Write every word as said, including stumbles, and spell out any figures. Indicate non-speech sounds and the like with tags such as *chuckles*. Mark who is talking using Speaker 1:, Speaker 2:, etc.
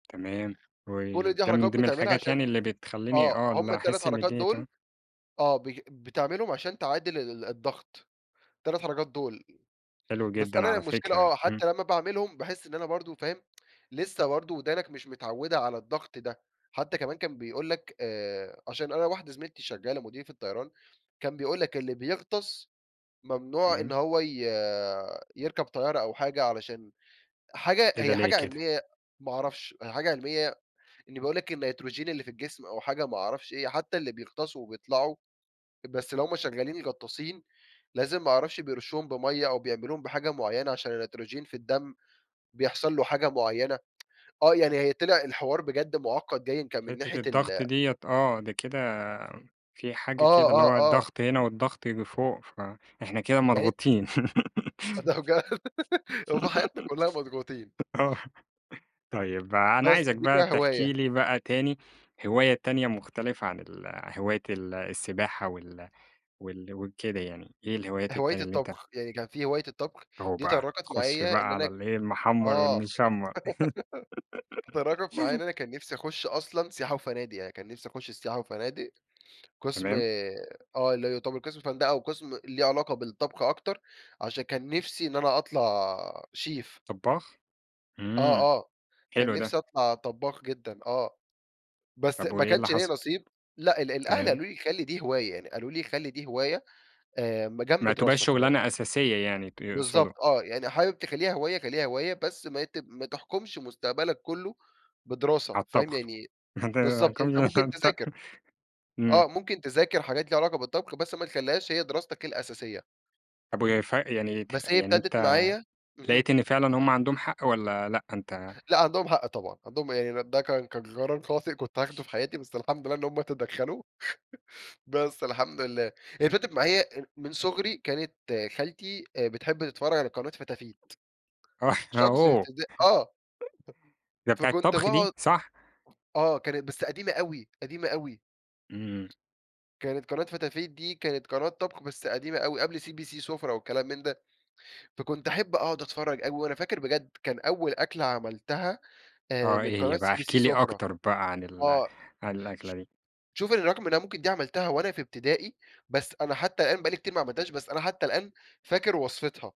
Speaker 1: تمام و
Speaker 2: كل دي
Speaker 1: ده من
Speaker 2: حركات
Speaker 1: ضمن
Speaker 2: بتعملها
Speaker 1: الحاجات
Speaker 2: عشان
Speaker 1: يعني اللي بتخليني
Speaker 2: آه،
Speaker 1: آه
Speaker 2: همُ
Speaker 1: اللي
Speaker 2: التلات
Speaker 1: أحس إن
Speaker 2: حركات
Speaker 1: الدنيا
Speaker 2: دول
Speaker 1: تمام.
Speaker 2: آه، ب بتعملهُم عشان تعادل ال الضَّغط، التلات حركات دول.
Speaker 1: حلو
Speaker 2: بس،
Speaker 1: جدًا
Speaker 2: أنا
Speaker 1: على
Speaker 2: المشكلة
Speaker 1: فكرة،
Speaker 2: آه،
Speaker 1: امم.
Speaker 2: حتى لمّا باعملهم باحِس إن أنا برضه فاهم؟ *tsk* لسه برضه ودانك مش متعوِّدة على الضَّغط ده. حتى كمان كان بيقول لك آآ، عشان أنا واحدة زميلتي شغالة مضيِّفة طيران، كان بيقول لك: "اللي بيغطس، ممنوع إن
Speaker 1: تمام.
Speaker 2: هو ي يركب طيارة."، أو حاجة علشان حاجة
Speaker 1: إيه ده،
Speaker 2: هي
Speaker 1: ليه
Speaker 2: حاجة
Speaker 1: كده؟
Speaker 2: علميَّة ما أعرفش، حاجة علميَّة إني بقول لك النيتروجين اللي في الجسم أو حاجة ما أعرفش إيه، حتى اللي بيغطسوا وبيطلعوا بس اللي هُم شغالين غطَّاسين، لازم ما أعرفش بيرُشُّوهم بمَيّه أو بيعملوهم بحاجة معينة عشان النيتروجين في الدم بيحصل له حاجة معينة. *tsk* آه، يعني هي طلع الحوار بجد مُعقَّد بايِن كان من
Speaker 1: حِتّة
Speaker 2: ناحية
Speaker 1: الضغط
Speaker 2: ال
Speaker 1: ديّة آه، ده كده في
Speaker 2: آه،
Speaker 1: حاجة كده اللي
Speaker 2: آه،
Speaker 1: هو
Speaker 2: آه.
Speaker 1: الضغط هنا والضغط اللي فوق، فإحنا كده
Speaker 2: يعني أنت
Speaker 1: مضغوطين.
Speaker 2: ده بجد، *giggles* هو في حياتنا كلها مضغُوطين.
Speaker 1: *laughs* آه، طيب أنا
Speaker 2: بس،
Speaker 1: عايزك
Speaker 2: دي
Speaker 1: بقى
Speaker 2: فيها هِواية.
Speaker 1: تحكي لي بقى تاني هواية تانية مختلفة عن ال هواية ال السباحة وال وال وكده يعني، إيه الهوايات
Speaker 2: هِواية
Speaker 1: التانية اللي أنت
Speaker 2: الطَّبخ، يعني كان في هِواية الطَّبخ
Speaker 1: أوه
Speaker 2: دي
Speaker 1: بقى،
Speaker 2: تطرَّقت
Speaker 1: خُش بقى
Speaker 2: معايا إن
Speaker 1: على
Speaker 2: أنا
Speaker 1: اللي إيه، المحمر
Speaker 2: آه،
Speaker 1: والمشمر.
Speaker 2: *giggles* تطرَّقت معايا إن
Speaker 1: *giggles*
Speaker 2: أنا كان نفسي أخُش أصلًا سياحة وفنادق، يعني كان نفسي أخُش السياحة وفنادق قسم
Speaker 1: تمام.
Speaker 2: آآ، آه، اللي هو يُعتبر قسم فندقة وقسم ليه علاقة بالطَّبخ أكتر، عشان كان نفسي إن أنا أطلع شيف.
Speaker 1: طباخ!
Speaker 2: آه،
Speaker 1: إمم،
Speaker 2: آه. كان
Speaker 1: حلو ده.
Speaker 2: نفسي أطلَع طبَّاخ جدًا، آه. بس
Speaker 1: طَب
Speaker 2: ما
Speaker 1: وإيه اللي
Speaker 2: كانش ليّا
Speaker 1: حصل؟
Speaker 2: نصِيب. لأ، ال الأهل
Speaker 1: تمام.
Speaker 2: قالوا لي: "خلِّ دي هِواية." يعني قالوا لي: "خلِّ دي هِواية آآ، ما جنب
Speaker 1: ما تبقاش
Speaker 2: دِراستك."
Speaker 1: شغلانة أساسية يعني ت يقصدوا.
Speaker 2: بالضبط آه، "يعني حابب تخلِّيها هِواية خلِّيها هِواية بس ما ت ما تحكُمش مستقبلك كله بدراسة."،
Speaker 1: على
Speaker 2: فاهم
Speaker 1: الطبخ
Speaker 2: يعني؟ بالضبط، أنتَ ممكن
Speaker 1: *unintelligible*
Speaker 2: تذاكر. آه
Speaker 1: إمم.
Speaker 2: ممكن تذاكر حاجات ليها علاقة بالطَّبخ، بس ما تخليهاش هي دراستك الأساسيَّة.
Speaker 1: طََب وهي ف يعني ت
Speaker 2: بس هي
Speaker 1: يعني
Speaker 2: ابتدت
Speaker 1: أنت
Speaker 2: معايا امم.
Speaker 1: لقيت إن فعلًا هُم عندهم حق والّا لأ؟ أنت
Speaker 2: لأ عندهم حق طبعًا، عندهم يعني ده كان كان جرار خاطئ كنت هاخده في حياتي، بس الحمد لله إن هُم تدّخلوا. *laughs* بس الحمد لله، هي فضلت معايا هي من صغري كانت خالتي بتحب تتفرج على قناة فتافيت.
Speaker 1: آه، إحنا
Speaker 2: شخص
Speaker 1: أوه
Speaker 2: *unintelligible* آه،
Speaker 1: *chuckles* ده بتاعة
Speaker 2: فكنت
Speaker 1: طبخ دي،
Speaker 2: باقعد
Speaker 1: صح؟
Speaker 2: آه، كانت بس قديمة أوي، قديمة أوي.
Speaker 1: إمم.
Speaker 2: كانت قناة فتافيت، دي كانت قناة طبخ بس قديمة أو قبل CBC سفرة، والكلام من ده. فكنت أحب أقعد أتفرج أوي. وأنا فاكر بجد كان أول أكلة عملتها آآ،
Speaker 1: آه
Speaker 2: من
Speaker 1: إيه
Speaker 2: قناة
Speaker 1: هي بقى؟ احكِ
Speaker 2: CBC
Speaker 1: لي
Speaker 2: سفرة
Speaker 1: أكتر بقى عن ال
Speaker 2: آه،
Speaker 1: عن
Speaker 2: ش
Speaker 1: الأكلة دي.
Speaker 2: شوف برغم إن ممكن دي عملتها وأنا في ابتدائي، بس أنا حتى الآن بقى لي كتير ما عملتهاش، بس أنا حتى الآن فاكر وصفتها.